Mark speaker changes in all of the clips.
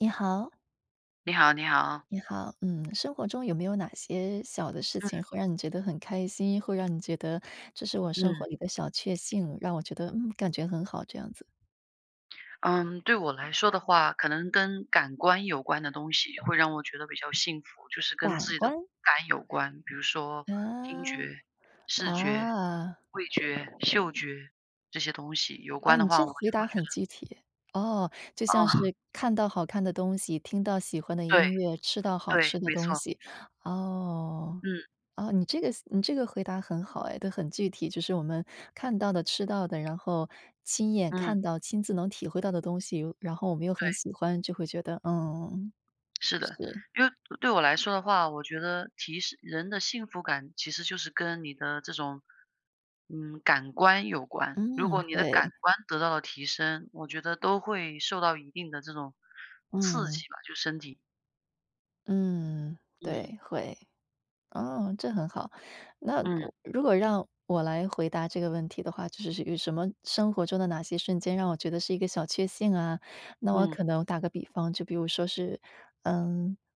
Speaker 1: 你好。
Speaker 2: 你好你好。
Speaker 1: 你好，嗯，生活中有没有哪些小的事
Speaker 2: 嗯。
Speaker 1: 情，会让你觉得很开心，会让你觉得，这是我生活
Speaker 2: 嗯。
Speaker 1: 里的小确幸，让我觉得，嗯，感觉很好这样子？
Speaker 2: 嗯，对我来说的话，可能跟感官有关的东西会让我觉得比较幸福。就是跟自
Speaker 1: 感
Speaker 2: 己的五
Speaker 1: 官？
Speaker 2: 感有关，比如说听觉、
Speaker 1: 嗯，
Speaker 2: 视觉、
Speaker 1: 啊。
Speaker 2: 味觉、嗅觉，这些东西有
Speaker 1: 哦，
Speaker 2: 关的
Speaker 1: 你
Speaker 2: 话，
Speaker 1: 这
Speaker 2: 我就
Speaker 1: 回
Speaker 2: 会
Speaker 1: 答
Speaker 2: 觉
Speaker 1: 很
Speaker 2: 得
Speaker 1: 具体。哦，就
Speaker 2: 哦。
Speaker 1: 像是 看到好看的东西，听到喜欢的
Speaker 2: 对，
Speaker 1: 音乐，吃到好
Speaker 2: 对，
Speaker 1: 吃的
Speaker 2: 没
Speaker 1: 东
Speaker 2: 错。
Speaker 1: 西。哦，
Speaker 2: 嗯。
Speaker 1: 哦，你这个思你这个回答很好哎，都很具体。就是我们看到的、吃到的，然后亲眼
Speaker 2: 嗯。
Speaker 1: 看到、亲自能体会到的东西，我然后我们又很
Speaker 2: 对。
Speaker 1: 喜欢，就会觉得嗯，
Speaker 2: 是的，
Speaker 1: 是。
Speaker 2: 因为对我来说的话，我觉得提示人的幸福感，其实就是跟你的这种，嗯，感官有关。如果
Speaker 1: 嗯，
Speaker 2: 你的感
Speaker 1: 对。
Speaker 2: 官得到了提升，我觉得都会受到一定的这种刺
Speaker 1: 嗯。
Speaker 2: 激吧，就身体。
Speaker 1: 嗯，
Speaker 2: 嗯。
Speaker 1: 对，会，哦，这很好。那，
Speaker 2: 嗯。
Speaker 1: 如果让我来回答这个问题的话，就是这个什么生活中的哪些瞬间让我觉得是一个小确幸啊？那我
Speaker 2: 嗯。
Speaker 1: 可能打个比方，就比如说是，呃，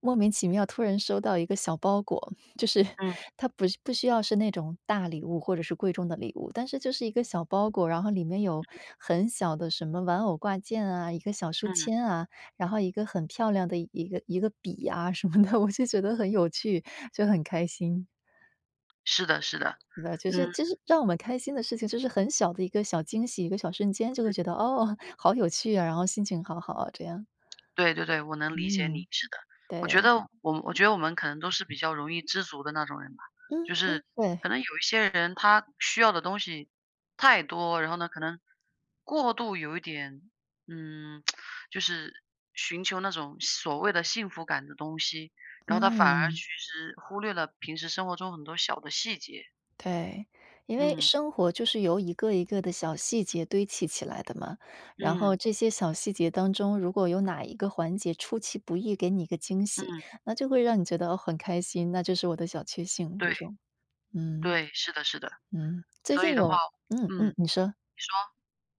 Speaker 1: 莫名其妙突然收到一个小包裹，就是
Speaker 2: 嗯。
Speaker 1: 它不不需要是那种大礼物或者是贵重的礼物，但是就是一个小包裹，然后里面有很小的什么玩偶挂件啊，一个小书
Speaker 2: 嗯。
Speaker 1: 签啊，然后一个很漂亮的一个一个笔呀什么的，我就觉得很有趣，就很开心。
Speaker 2: 是的是的，
Speaker 1: 那其实
Speaker 2: 嗯。
Speaker 1: 其实让我们开心的事情，就是很小的一个小惊喜、一个小瞬间就会
Speaker 2: 嗯。
Speaker 1: 觉得，“哦，
Speaker 2: 嗯。
Speaker 1: 好有趣啊”，然后心情好好啊，这样。
Speaker 2: 对对对，我能理解
Speaker 1: 嗯，
Speaker 2: 你，是的。我觉
Speaker 1: 对。
Speaker 2: 得我们我觉得我们可能都是比较容易知足的那种人吧。
Speaker 1: 嗯
Speaker 2: 就是
Speaker 1: 嗯，对。
Speaker 2: 可能有一些人，他需要的东西太多，然后呢可能过度有一点，嗯，就是寻求那种所谓的幸福感的东西，然后他反而其
Speaker 1: 嗯。
Speaker 2: 实忽略了平时生活中很多小的细节。
Speaker 1: 对。因为
Speaker 2: 嗯。
Speaker 1: 生活就是由一个一个的小细节堆砌起来的嘛，然后
Speaker 2: 嗯。
Speaker 1: 这些小细节当中，如果有哪一个环节出其不意给你一个惊喜，
Speaker 2: 嗯。
Speaker 1: 那就会让你觉得很开心，那就是我的小确幸，这
Speaker 2: 对，
Speaker 1: 种。嗯，
Speaker 2: 对，是的是的。
Speaker 1: 嗯，最
Speaker 2: 所
Speaker 1: 近
Speaker 2: 以的话
Speaker 1: 有嗯
Speaker 2: 嗯，
Speaker 1: 嗯，
Speaker 2: 你
Speaker 1: 你说。
Speaker 2: 说。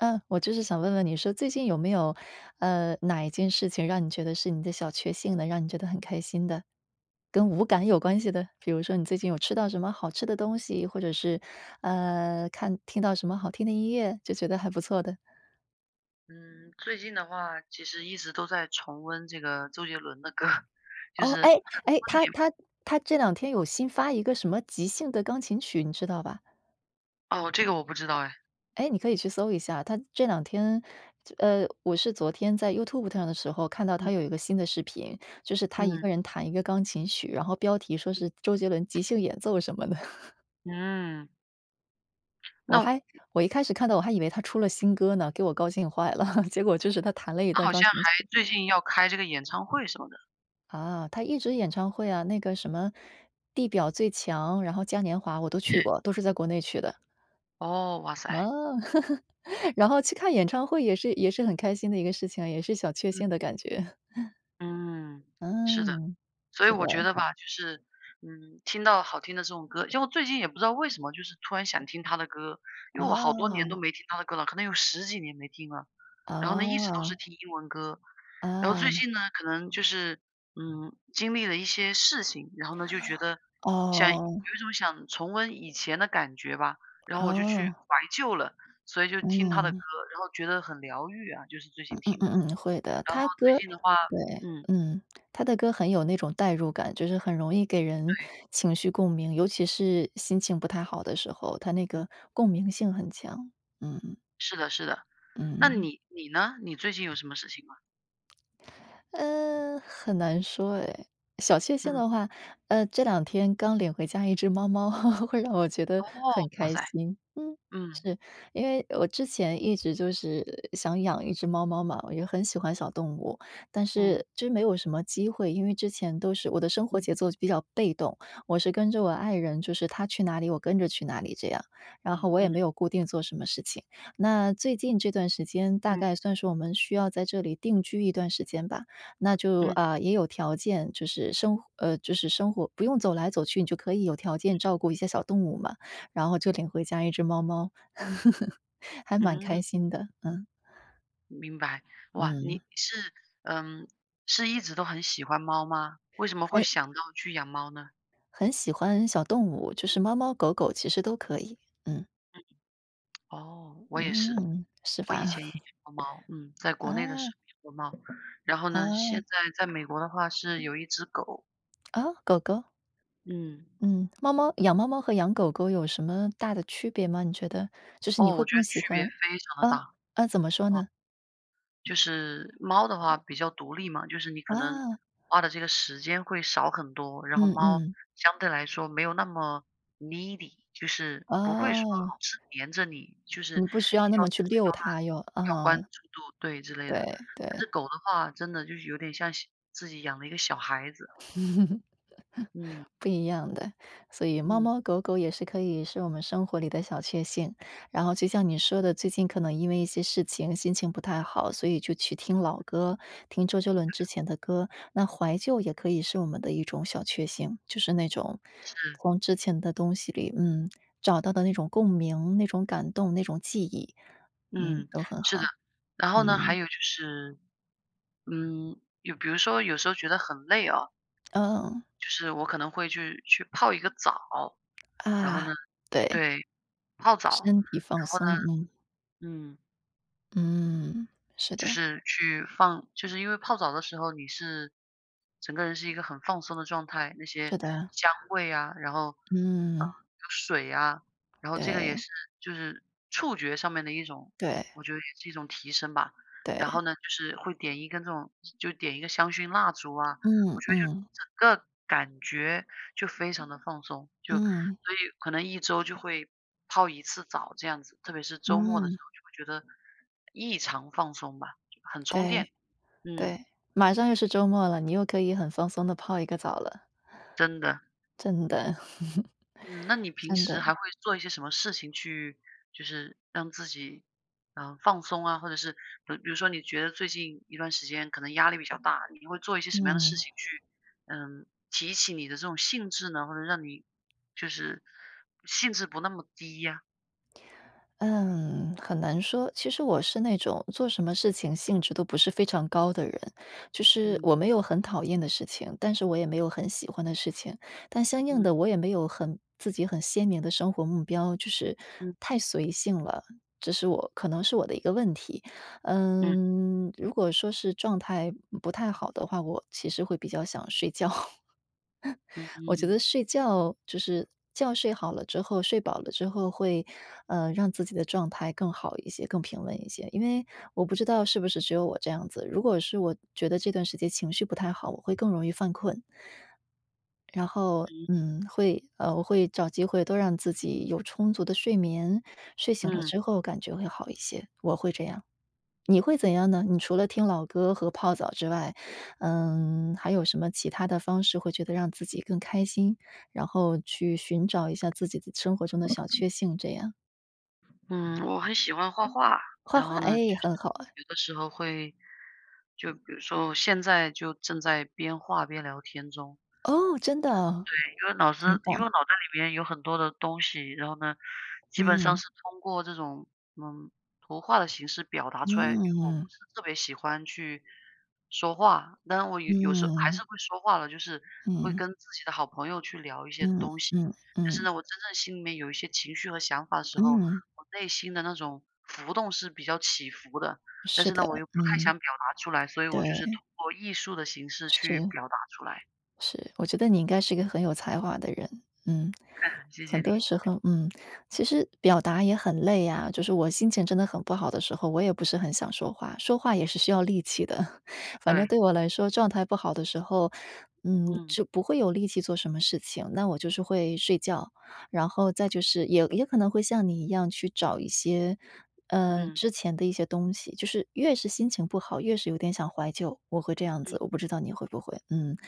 Speaker 1: 嗯，我就是想问问你说，最近有没有，呃，哪一件事情让你觉得是你的小确幸的，让你觉得很开心的，跟五感有关系的？比如说你最近有吃到什么好吃的东西，或者是，呃，看听到什么好听的音乐，就觉得还不错的？
Speaker 2: 嗯，最近的话，其实一直都在重温这个周杰伦的歌，就
Speaker 1: 哦，
Speaker 2: 是
Speaker 1: 诶诶，他
Speaker 2: [unintelligible]
Speaker 1: 他他这两天
Speaker 2: 嗯。
Speaker 1: 有新发一个什么即兴的钢琴曲，你知道吧？
Speaker 2: 哦，这个我不知道诶。
Speaker 1: 诶，你可以去搜一下，他这两天就呃，我是昨天在 YouTube 上的时候看到
Speaker 2: 嗯
Speaker 1: 他有一个
Speaker 2: 嗯。
Speaker 1: 新的视频，就是他一
Speaker 2: 嗯。
Speaker 1: 个人弹一个钢琴曲，然后标题说
Speaker 2: 嗯。
Speaker 1: 是周杰伦即兴演奏什么的。
Speaker 2: 嗯。
Speaker 1: 我
Speaker 2: 那
Speaker 1: 还我一开始看到我还以为他出了新歌呢，给我高兴坏了，结果就是他弹了一
Speaker 2: 他
Speaker 1: 段
Speaker 2: 好
Speaker 1: 钢
Speaker 2: 像
Speaker 1: 琴
Speaker 2: 还
Speaker 1: 曲。
Speaker 2: 最近要开这个演唱会什么的。
Speaker 1: 啊，他一直演唱会呀，那个什么“地表最强”，然后“嘉年华”我都去 过，都是在国内去的。
Speaker 2: 哦，哇
Speaker 1: 啊，
Speaker 2: 塞。
Speaker 1: 然后去看演唱会也是也是很开心的一个事情啊，也是小确
Speaker 2: 嗯。
Speaker 1: 幸的感觉。
Speaker 2: 嗯，是的。
Speaker 1: 嗯，
Speaker 2: 所以
Speaker 1: 是的。
Speaker 2: 我觉得吧，就是，嗯，听到好听的这种歌因为我最近也不知道为什么，就是突然想听他的歌，因为我好多年都
Speaker 1: 哦。
Speaker 2: 没听他的歌了，可能有10几年没听了。然后呢，一直都是
Speaker 1: 哦。
Speaker 2: 听英文歌。然后最
Speaker 1: 啊。
Speaker 2: 近呢，可能就是，嗯，经历了一些事情，然后呢就觉得，想有
Speaker 1: 哦。
Speaker 2: 一种想重温以前的感觉吧。然后我就去
Speaker 1: 哦。
Speaker 2: 怀旧了，所以就听他的歌。
Speaker 1: 嗯。
Speaker 2: 然后觉得很疗愈啊，就是最
Speaker 1: 嗯
Speaker 2: 近
Speaker 1: 嗯
Speaker 2: 听的。
Speaker 1: 嗯嗯，会的。
Speaker 2: 然后
Speaker 1: 他
Speaker 2: 最
Speaker 1: 歌
Speaker 2: 近的话
Speaker 1: 对，
Speaker 2: 嗯。
Speaker 1: 嗯，他的歌很有那种代入感，就是很容易给人
Speaker 2: 对。
Speaker 1: 情绪共鸣，尤其是心情不太好的时候，他那
Speaker 2: 嗯。
Speaker 1: 个共鸣性很强，嗯。
Speaker 2: 是的是的。那
Speaker 1: 嗯。
Speaker 2: 你你呢？你最近有什么事情吗？
Speaker 1: 呃，很难说哎，小确幸
Speaker 2: 嗯
Speaker 1: 的话，呃，这两天刚领回家一只猫猫，会让我觉得
Speaker 2: 哦，
Speaker 1: 很
Speaker 2: 哇
Speaker 1: 开
Speaker 2: 塞。
Speaker 1: 心。嗯，
Speaker 2: 嗯。
Speaker 1: 是，因为我之前一直就是想养一只猫猫嘛，我就很喜欢
Speaker 2: 嗯。
Speaker 1: 小动物，但
Speaker 2: 嗯。
Speaker 1: 是就没有什么机会，因为之前都是，我的生活
Speaker 2: 嗯。
Speaker 1: 节奏比较被动，我是跟着我爱人，就是他去哪里我跟着去哪里这样，然后
Speaker 2: 嗯
Speaker 1: 我也
Speaker 2: 嗯。
Speaker 1: 没有固定做什么事情。那最近这段时间，大
Speaker 2: 嗯。
Speaker 1: 概算是我们需要在这里定居一段时间吧，那就，
Speaker 2: 嗯。
Speaker 1: 呃，也有条件，就是生活呃，就是生活不用走来走去，你就可以有条件
Speaker 2: 嗯嗯。
Speaker 1: 照顾一些小动物嘛，然后就领回家一只猫猫。还蛮
Speaker 2: 嗯。
Speaker 1: 开心的，嗯。
Speaker 2: 明白，哇，
Speaker 1: 嗯。
Speaker 2: 你是嗯，是一直都很喜欢猫吗？为什么会
Speaker 1: 很
Speaker 2: 想到去养猫呢？
Speaker 1: 很喜欢小动物，就是猫猫狗狗其实都可以，嗯。
Speaker 2: 嗯嗯，哦，我也是，
Speaker 1: 嗯，是
Speaker 2: 我
Speaker 1: 吧？
Speaker 2: 以前也养 过猫，嗯，在国内的时
Speaker 1: 啊。
Speaker 2: 候养过猫，然后呢，现
Speaker 1: 哦。
Speaker 2: 在在美国的话是有一只狗。
Speaker 1: 哦，狗狗？
Speaker 2: 嗯。
Speaker 1: 嗯，猫猫养猫猫和养狗狗有什么大的区别吗，你觉得？就是你
Speaker 2: 哦，我
Speaker 1: 会
Speaker 2: 觉
Speaker 1: 更
Speaker 2: 得
Speaker 1: 喜
Speaker 2: 区别
Speaker 1: 欢
Speaker 2: 非常地大。
Speaker 1: 哦，啊怎么说
Speaker 2: 哦。
Speaker 1: 呢？
Speaker 2: 就是，猫的话比较独立嘛。就是你可能，
Speaker 1: 啊。
Speaker 2: 花的这个时间会少很多，然后
Speaker 1: 嗯
Speaker 2: 猫
Speaker 1: 嗯。
Speaker 2: 相对来说没有那么 Needy，就是不会说老
Speaker 1: 哦。
Speaker 2: 是粘着你，就是要这
Speaker 1: 你不需要那么去
Speaker 2: 个、
Speaker 1: 溜
Speaker 2: 要
Speaker 1: 它又
Speaker 2: 那个、要关
Speaker 1: 哦。
Speaker 2: 注度对，之类的。
Speaker 1: 对，
Speaker 2: 但
Speaker 1: 对。
Speaker 2: 是狗的话真的就有点像小自己养了一个小孩子。嗯。
Speaker 1: 不一样的，所以猫
Speaker 2: 嗯。
Speaker 1: 猫狗狗也是可以是我们生活里的小确幸。然后就像你说的，最近可能因为一些事情心情不太好，所以就去听老歌，听周杰伦之
Speaker 2: [unintelligible]
Speaker 1: 前的歌，那怀旧也可以是我们的一种小确幸。就是那种，
Speaker 2: 是。
Speaker 1: 从之前的东西里，嗯，找到的那种共鸣，那种感动，那种记忆嗯，
Speaker 2: 嗯，
Speaker 1: 都很
Speaker 2: 是的。
Speaker 1: 好，
Speaker 2: 然后呢，还
Speaker 1: 嗯。
Speaker 2: 有就是，嗯，有比如说有时候觉得很累哦
Speaker 1: 哦。
Speaker 2: 就是我可能会去去泡一个澡。然后
Speaker 1: 啊，
Speaker 2: 呢
Speaker 1: 对。
Speaker 2: 对，泡澡。
Speaker 1: 身
Speaker 2: 然
Speaker 1: 体放
Speaker 2: 后呢
Speaker 1: 松，嗯。
Speaker 2: 嗯。
Speaker 1: 嗯，是
Speaker 2: 就
Speaker 1: 的。
Speaker 2: 是去放就是因为泡澡的时候，你是整个人是一个很放松的状态，那些
Speaker 1: 是的。
Speaker 2: 香味啊，然后，呃，有
Speaker 1: 嗯。
Speaker 2: 水呀，然后这个也
Speaker 1: 对。
Speaker 2: 是就是触觉上面的一种，
Speaker 1: 对。
Speaker 2: 我觉得也是一种提升吧。然
Speaker 1: 对。
Speaker 2: 后呢就是会点一根这种就点一个香薰蜡烛啊，我
Speaker 1: 嗯
Speaker 2: 觉得就
Speaker 1: 嗯。
Speaker 2: 整个感觉就非常地放松，就所
Speaker 1: 嗯。
Speaker 2: 以可能1周就会泡1次澡这样子。特别是周末的时
Speaker 1: 嗯。
Speaker 2: 候，就会觉得，异常放松吧，很充电，
Speaker 1: 对，
Speaker 2: 嗯。
Speaker 1: 对。马上又是周末了，你又可以很放松地泡一个澡了。
Speaker 2: 真的。
Speaker 1: 真的
Speaker 2: 嗯，那你平
Speaker 1: 真
Speaker 2: 时还
Speaker 1: 的。
Speaker 2: 会做一些什么事情去就是让自己，呃，放松啊，或者是，不比如说你觉得最近一段时间可能压力比较大，你会做一些什么样的事
Speaker 1: 嗯。
Speaker 2: 情去，呃，提起你的这种兴致呢，或者让你就是兴致不那么低呀？
Speaker 1: 嗯，很难说。其实我是那种做什么事情兴致都不是非常高的人，就是
Speaker 2: 嗯。
Speaker 1: 我没有很讨厌的事情，但是我也没有很喜欢的事情。但相应
Speaker 2: 嗯。
Speaker 1: 地我也没有很自己很鲜明的生活目标，就是
Speaker 2: 嗯。
Speaker 1: 太随性了，这是我可能是我的一个问题。
Speaker 2: 嗯。
Speaker 1: 嗯，如果说是状态，嗯，不太好的话，我其实会比较想睡觉。我觉
Speaker 2: 嗯。
Speaker 1: 得睡觉就是觉睡好了之后，睡饱了之后会，呃，让自己的状态更好一些，更平稳一些。因为我不知道是不是只有我这样子，如果是我觉得这段时间情绪不太好，我会更容易犯困。然后，
Speaker 2: 嗯。
Speaker 1: 嗯，会呃，我会找机会多让自己有充足的睡眠，睡醒了
Speaker 2: 嗯。
Speaker 1: 之后感觉会好一些，我会这样。你会怎样呢？你除了听老歌和泡澡之外，嗯，还有什么其他的方式，会觉得让自己更开心？然后去寻找一下自己的生活中的小确幸这样？
Speaker 2: 嗯，我很喜欢画画。
Speaker 1: 画
Speaker 2: 然
Speaker 1: 画，
Speaker 2: 后呢，就
Speaker 1: 哎，
Speaker 2: 是
Speaker 1: 很好哎。
Speaker 2: 有的时候会就比如说，我现在就正在边画边聊天中。
Speaker 1: 哦，真的哦？
Speaker 2: 对，因为脑
Speaker 1: 真
Speaker 2: 子，因为我
Speaker 1: 棒。
Speaker 2: 脑袋里面有很多的东西。然后呢，基本上
Speaker 1: 嗯。
Speaker 2: 是通过这种嗯，图画的形式表达出来，因为我不
Speaker 1: 嗯。
Speaker 2: 是特别喜欢去说话。但是我有有时候还是
Speaker 1: 嗯。
Speaker 2: 会说话的，就是会
Speaker 1: 嗯。
Speaker 2: 跟自己的好朋友去聊一些
Speaker 1: 嗯，
Speaker 2: 东西。
Speaker 1: 嗯，
Speaker 2: 但是
Speaker 1: 嗯。
Speaker 2: 呢，我真正心里面有一些情绪和想法的时候，
Speaker 1: 嗯。
Speaker 2: 我内心的那种浮动是比较起伏的。但
Speaker 1: 是
Speaker 2: 是呢，我
Speaker 1: 的，
Speaker 2: 又不太想
Speaker 1: 嗯。
Speaker 2: 表达出来，所以我
Speaker 1: 对。
Speaker 2: 就是通过艺术的形式去
Speaker 1: 是。
Speaker 2: 表达出来。
Speaker 1: 是，我觉得你应该是一个很有才华的人，嗯。
Speaker 2: 谢谢
Speaker 1: 很
Speaker 2: 你。
Speaker 1: 多时候，嗯。其实表达也很累啊，就是我心情真的很不好的时候，我也不是很想说话，说话也是需要力气的。反正
Speaker 2: 对。
Speaker 1: 对我来说状态不好的时候，嗯，
Speaker 2: 嗯。
Speaker 1: 就不会有力气做什么事情，那我就是会睡觉。然后再就是，也也可能会像你一样去找一些呃，
Speaker 2: 嗯。
Speaker 1: 之前的一些东西。就是越是心情不好，越是有点想怀旧，我会这样
Speaker 2: 嗯。
Speaker 1: 子。我不知道你会不会，嗯。听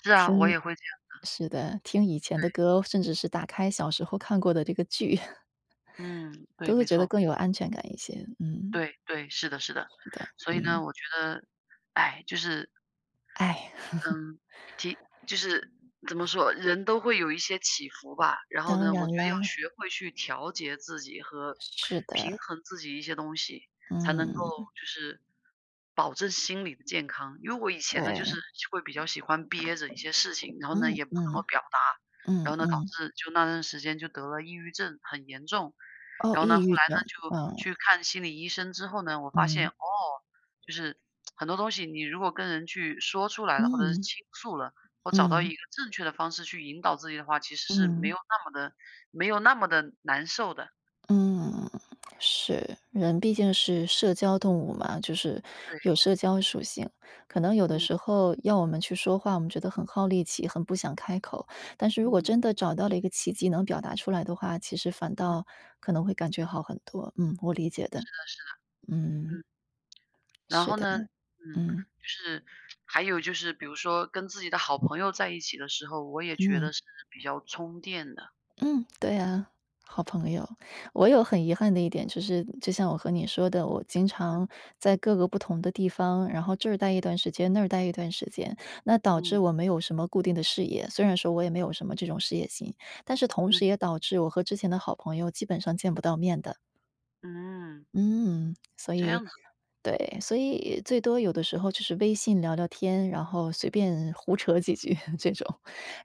Speaker 2: 是啊，我也会这样的。
Speaker 1: 是的，听以前的
Speaker 2: 对。
Speaker 1: 歌，甚至是打开小时候看过的这个剧。
Speaker 2: 嗯，对，
Speaker 1: 都会
Speaker 2: 没
Speaker 1: 觉得
Speaker 2: 错。
Speaker 1: 更有安全感一些，嗯。
Speaker 2: 对对，是的是的。
Speaker 1: 是的，
Speaker 2: 所以
Speaker 1: 嗯。
Speaker 2: 呢，我觉得，唉，就是
Speaker 1: 唉。
Speaker 2: 嗯，其就是怎么说，人都会有一些起伏吧。然后
Speaker 1: 当
Speaker 2: 呢，我
Speaker 1: 然
Speaker 2: 觉得要
Speaker 1: 啦。
Speaker 2: 学会去调节自己和
Speaker 1: 是
Speaker 2: 平
Speaker 1: 的。
Speaker 2: 衡自己一些东西，才能够
Speaker 1: 嗯。
Speaker 2: 就是保证心理的健康。因为我以前呢，就
Speaker 1: 对。
Speaker 2: 是会比较喜欢憋着一些事情，然后呢，
Speaker 1: 嗯，
Speaker 2: 也不怎么
Speaker 1: 嗯，
Speaker 2: 表达。然
Speaker 1: 嗯
Speaker 2: 后呢，导
Speaker 1: 嗯。
Speaker 2: 致就那段时间就得了抑郁症，很严重。
Speaker 1: 哦，
Speaker 2: 然后呢，
Speaker 1: 抑
Speaker 2: 后
Speaker 1: 郁
Speaker 2: 来呢，
Speaker 1: 症，
Speaker 2: 就
Speaker 1: 哦。
Speaker 2: 去看心理医生之后呢，我发现，
Speaker 1: 嗯。
Speaker 2: 哦，就是，很多东西，你如果跟人去说出来了，或者是
Speaker 1: 嗯。
Speaker 2: 倾诉了，或找到一
Speaker 1: 嗯。
Speaker 2: 个正确的方式去引导自己的话，其实是没
Speaker 1: 嗯。
Speaker 2: 有那么地没有那么地难受的。
Speaker 1: 嗯，是。人毕竟是社交动
Speaker 2: 嗯。
Speaker 1: 物嘛，就是
Speaker 2: 对。
Speaker 1: 有社交属性。可能有的
Speaker 2: 嗯。
Speaker 1: 时候要我们去说话，我们觉得很耗力气，很不想开口。但是如果
Speaker 2: 嗯。
Speaker 1: 真的找到了一个契机能表达出来的话，其实反
Speaker 2: 嗯。
Speaker 1: 倒可能会感觉好很多。嗯，我理解
Speaker 2: 是
Speaker 1: 的。
Speaker 2: 的是的。
Speaker 1: 嗯。
Speaker 2: 嗯。然
Speaker 1: 是
Speaker 2: 后
Speaker 1: 的，
Speaker 2: 呢，嗯，
Speaker 1: 嗯。
Speaker 2: 就是还有就是，比如说跟自己的好朋友在一起的时候，我也觉
Speaker 1: 嗯。
Speaker 2: 得是比较充电的。
Speaker 1: 嗯，对啊，好朋友。我有很遗憾的一点，就是，就像我和你说的，我经
Speaker 2: 嗯。
Speaker 1: 常在各个不同的地方，然后这儿呆一段时间，那儿呆一段时间。那导致
Speaker 2: 嗯。
Speaker 1: 我没有什么固定的事业，虽然说我也没有什么这种事业心，但是同时
Speaker 2: 嗯。
Speaker 1: 也导致我和之前的好朋友，基本上见不到面的。
Speaker 2: 嗯。
Speaker 1: 嗯，所
Speaker 2: 这
Speaker 1: 以
Speaker 2: 样子。
Speaker 1: 对，所以最多有的时候就是微信聊聊天，然后随便胡扯几句，这种。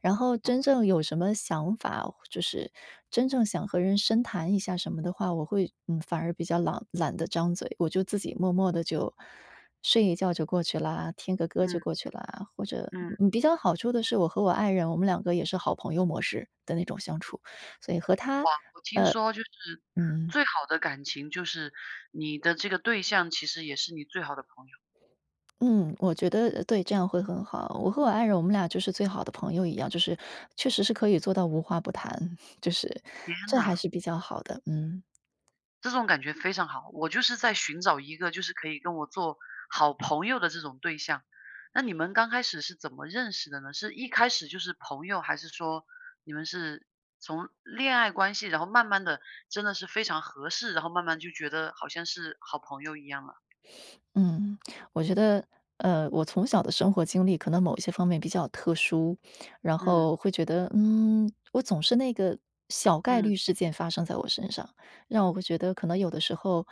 Speaker 1: 然后
Speaker 2: 哦。
Speaker 1: 真正有什么想法，或就是真正想和人深谈一下什么的话，我会，嗯，反而比较朗懒得张嘴，我就自己默默地就，睡一觉就过去啦，听个歌就
Speaker 2: 嗯。
Speaker 1: 过去啦，或者，
Speaker 2: 嗯。
Speaker 1: 嗯，比较好处的是我和我爱人，我们两个也是好朋友模式的那种相处，所以和他
Speaker 2: 哇，我听
Speaker 1: 呃，
Speaker 2: 说就是，
Speaker 1: 嗯。
Speaker 2: 最好的感情就是你的这个对象其实也是你最好的朋友。
Speaker 1: 嗯，我觉得，呃，对，这样会很好，我和我爱人，我们俩就是最好的朋友一样，就是确实是可以做到无话不谈，就是
Speaker 2: 天
Speaker 1: 这还
Speaker 2: 呐！
Speaker 1: 是比较好的，嗯。
Speaker 2: 这种感觉非常好，我就是在寻找一个就是可以跟我做好朋友的这种对象。那你们刚开始是怎么认识的呢？是一开始就是朋友，还是说你们是从恋爱关系，然后慢慢地真的是非常合适然后慢慢就觉得好像是好朋友一样了。
Speaker 1: 嗯，我觉得，呃，我从小的生活经历可能某一些方面比较特殊，然
Speaker 2: 嗯。
Speaker 1: 后会觉得，嗯，我总是那个小概
Speaker 2: 嗯。
Speaker 1: 率事件发生在我身上，让我会觉得可能有的时候，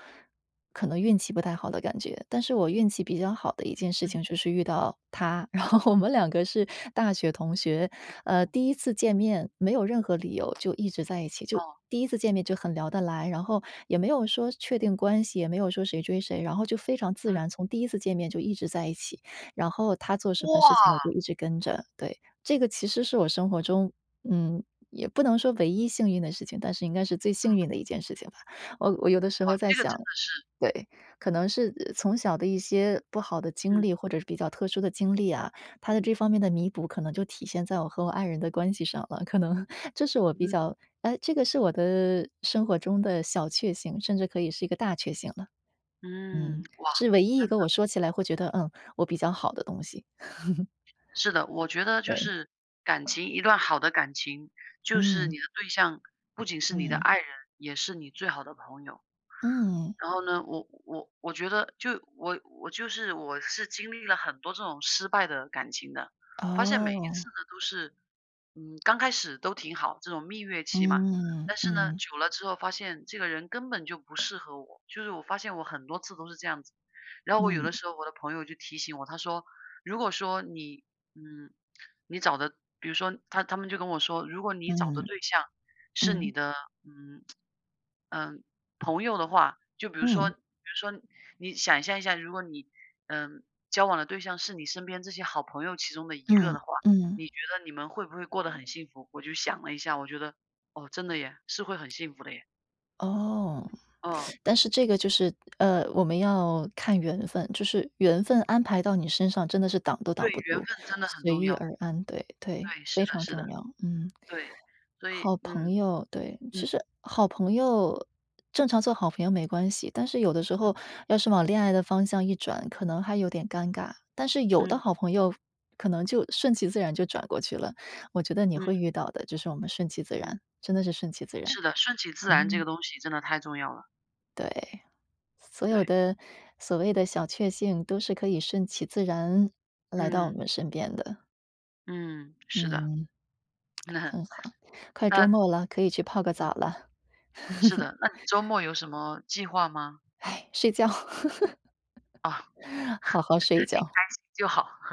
Speaker 1: 可能运气不太好的感觉。但是我运气比较好的一件事
Speaker 2: 嗯。
Speaker 1: 情就是遇到他，然后我们两个是大学同学，
Speaker 2: 哦
Speaker 1: 呃，
Speaker 2: 哦。
Speaker 1: 第1次见面没有任何理由，就一直在一起就
Speaker 2: 哦。
Speaker 1: 第1次见面就很聊得来，然后也没有说确定关系，也没有说谁追谁，然后就非常自
Speaker 2: 嗯。
Speaker 1: 然，从第一次见面就一直在一起，然后他做什么事情我
Speaker 2: 哇！
Speaker 1: 就一直跟着，对。这个其实是我生活中嗯，也不能说唯一幸运的事情，但是应该是最幸
Speaker 2: 嗯。
Speaker 1: 运的一件事情吧。我我有的时
Speaker 2: 哇，
Speaker 1: 候在
Speaker 2: 这个
Speaker 1: 想
Speaker 2: 真的是
Speaker 1: 对，可能是，呃，从小的一些不好的经
Speaker 2: 嗯。
Speaker 1: 历，或者是比较特殊的经历啊，它的
Speaker 2: 嗯。
Speaker 1: 这方面的弥补，可能就体现在我和我爱人的关系上了，可能这是我比
Speaker 2: 嗯。
Speaker 1: 较诶，这个是我的生活中的小确幸，甚至可以是一个大确幸了。
Speaker 2: 嗯，
Speaker 1: 嗯，
Speaker 2: 哇，
Speaker 1: 是唯一一
Speaker 2: 真的！
Speaker 1: 个我说起来会觉得嗯，我比较好的东西。
Speaker 2: 是的，我觉得就
Speaker 1: 对。
Speaker 2: 是感情一段好的感情，就是
Speaker 1: 嗯。
Speaker 2: 你的对象，不仅是你的
Speaker 1: 嗯。
Speaker 2: 爱人，也是你最好的朋友。
Speaker 1: 嗯。
Speaker 2: 然后呢？我我我觉得就我我就是我是经历了很多这种失败的感情的，发现每一
Speaker 1: 哦。
Speaker 2: 次呢都是，嗯，刚开始都挺好，这种蜜月期嘛。
Speaker 1: 嗯，
Speaker 2: 但是呢，
Speaker 1: 嗯。
Speaker 2: 久了之后发现这个人根本就不适合我，就是我发现我很多次都是这样子。然后我有的
Speaker 1: 嗯。
Speaker 2: 时候我的朋友就提醒我，他说如果说你嗯，你找的比如说他他们就跟我说：“如果你找的
Speaker 1: 嗯，
Speaker 2: 对象是你
Speaker 1: 嗯。
Speaker 2: 的，嗯 嗯，朋友的话，就比如说比
Speaker 1: 嗯。
Speaker 2: 如说你想象一下，如果你，呃，交往的对象是你身边这些好朋友其中的一个
Speaker 1: 嗯，
Speaker 2: 的话，
Speaker 1: 嗯。
Speaker 2: 你觉得你们会不会过得很幸福？”我就想了一下，我觉得，哦，真的耶，是会很幸福的耶。
Speaker 1: 哦，
Speaker 2: 哦。
Speaker 1: 但是这个就是，呃，我们要看缘分，就是缘分安排到你身上，真的是挡都挡
Speaker 2: 对，
Speaker 1: 不
Speaker 2: 缘分
Speaker 1: 住，
Speaker 2: 真的很
Speaker 1: 随
Speaker 2: 重
Speaker 1: 遇
Speaker 2: 要。
Speaker 1: 而安，对，对，
Speaker 2: 对，
Speaker 1: 非
Speaker 2: 是的
Speaker 1: 常
Speaker 2: 是的。
Speaker 1: 重要，嗯。
Speaker 2: 对，所以
Speaker 1: 好
Speaker 2: 嗯
Speaker 1: 朋友，对，
Speaker 2: 嗯。
Speaker 1: 其实好朋友呃，正常做好朋友没关系，但是有的时
Speaker 2: 嗯。
Speaker 1: 候要是往恋爱的方向一转，可能还有点尴尬，但是有的
Speaker 2: 嗯。
Speaker 1: 好朋友可能就顺其自然就转过去了，我觉得你
Speaker 2: 嗯。
Speaker 1: 会遇到的，就是我们顺其自
Speaker 2: 嗯。
Speaker 1: 然，真的是顺其自然，
Speaker 2: 是的，顺其自然这
Speaker 1: 嗯。
Speaker 2: 个东西真的太重要了。
Speaker 1: 对，所有
Speaker 2: 对。
Speaker 1: 的，所谓的小确幸都是可以顺其自然，来到我
Speaker 2: 嗯。
Speaker 1: 们身边的。
Speaker 2: 嗯，是的。
Speaker 1: 嗯，很好。快
Speaker 2: 那
Speaker 1: 周末了，可以去泡个
Speaker 2: 嗯。
Speaker 1: 澡了。
Speaker 2: 是 的，那你周末有什么计划吗？
Speaker 1: 睡觉。
Speaker 2: 啊，你
Speaker 1: 好好睡一觉。
Speaker 2: 开心就好。